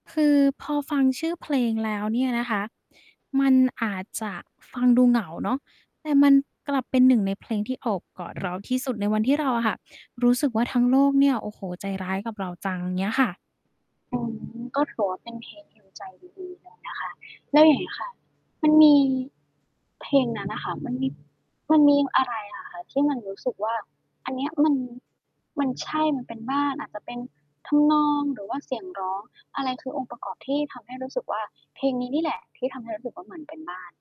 คือพอฟังชื่อเพลงแล้วเนี่ยนะคะ มันอาจจะฟังดูเหงาเนาะ แต่มันกลับเป็น 1 ในเพลงที่โอบกอดเอรือ าที่สุดในวันที่เราอะค่ะ รู้สึกว่าทั้งโลกเนี่ย โอ้โฮ ใจร้ายกับเราจังเงี้ยค่ะ อืม ก็ถือว่าเป็นเพลง heal ใจดี ๆ เลยนะคะ แล้วอย่างนี้ค่ะ มันมีเพลงนั้นน่ะค่ะ มันมี มันมีอะไรอะคะที่มันรู้สึกว่า อันนี้มัน มัน ใช่มันเป็นบ้าน อาจจะเป็นทำนอง หรือว่าเสียงร้อง อะไรคือองค์ประกอบที่ทำให้รู้สึกว่า เพลงนี้นี่แหละที่ทำให้รู้สึกว่าเหมือนเป็นบ้าน